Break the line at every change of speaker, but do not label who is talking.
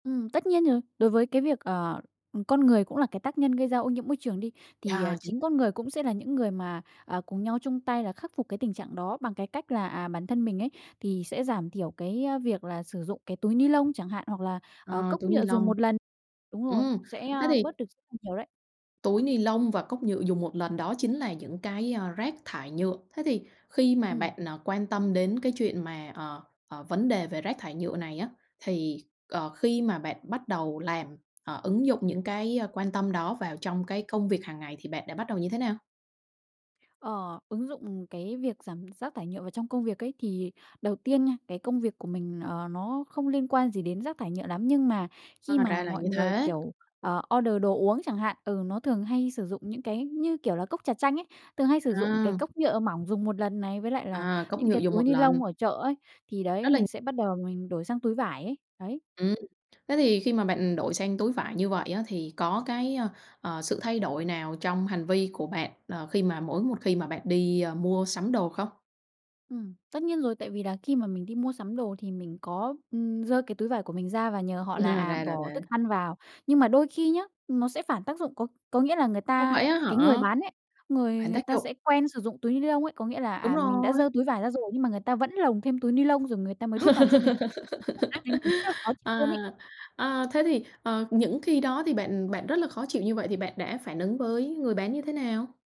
Ừm, tất nhiên rồi, đối với cái việc, ờ ừm, con người cũng là cái tác nhân gây ra ô nhiễm môi trường đi, thì,
Yeah,
à,
chính
chính con người cũng sẽ là những người mà, à, cùng nhau chung tay là khắc phục cái tình trạng đó, bằng cái cách là, à, bản thân mình ấy, thì sẽ giảm thiểu cái, a, việc là sử dụng cái túi ni-lông chẳng hạn, hoặc là, ờ,
Ờ,
cốc
túi
nhựa dùng
ni-lông.
1 lần. Đúng rồi,
Ừm,
sẽ,
thế
ơ,
thì
bớt được [unintelligible] nhiều đấy.
Túi ni-lông và cốc nhựa dùng một lần đó chính là những cái, a, rác thải nhựa. Thế thì khi mà
Ừm.
bạn, à, quan tâm đến cái chuyện mà, ờ, ờ, vấn đề về rác thải nhựa này á, thì, ờ, khi mà bạn bắt đầu làm ờ, ứng dụng những cái, ơ, quan tâm đó vào trong cái công việc hàng ngày thì bạn đã bắt đầu như thế nào?
Ờ, ứng dụng cái việc giảm rác thải nhựa vào trong công việc ấy, thì đầu tiên nha cái công việc của mình, ờ, nó không liên quan gì đến rác thải nhựa lắm, nhưng mà khi
À,
mà
ra là
mọi
như
người,
thế.
kiểu, ờ, order đồ uống chẳng hạn, ừ, nó thường hay sử dụng những cái như, kiểu là, cốc trà chanh ấy, thường hay sử dụng cái
À.
cốc nhựa mỏng dùng một lần này, với lại là
À, cốc
những
nhựa
cái
dùng
túi
1 lần.
ni-lông ở chợ ấy thì đấy,
Đó là
mình sẽ bắt đầu mình đổi sang túi vải ấy, đấy.
Ừm, thế thì khi mà bạn đổi sang túi vải như vậy á thì có cái, a, ờ, sự thay đổi nào trong hành vi của bạn, ờ, khi mà mỗi một khi mà bạn đi, ơ, mua sắm đồ không?
Ừm, tất nhiên rồi, tại vì là khi mà mình đi mua sắm đồ thì mình có, ừm, giơ cái túi vải của mình ra và nhờ họ là,
Ra
à,
là
bỏ thức
thế.
ăn vào. Nhưng mà đôi khi nhá nó sẽ phản tác dụng, có có nghĩa là người
Ồ,
ta,
vậy á
cái người
hả?
bán ấy, người
Phản
người
tác
ta
dụng.
sẽ quen sử dụng túi ni-lông ấy, có nghĩa là,
Đúng
à, mình đã giơ
rồi.
túi vải ra rồi nhưng mà người ta vẫn lồng thêm túi ni-lông rồi người ta mới đút vào cho mình. [unintelligible] rác nên mình rất là khó chịu
À,
luôn ấy.
à, thế thì, ờ, những khi đó thì bạn bạn rất là khó chịu như vậy thì bạn đã phản ứng với người bán như thế nào?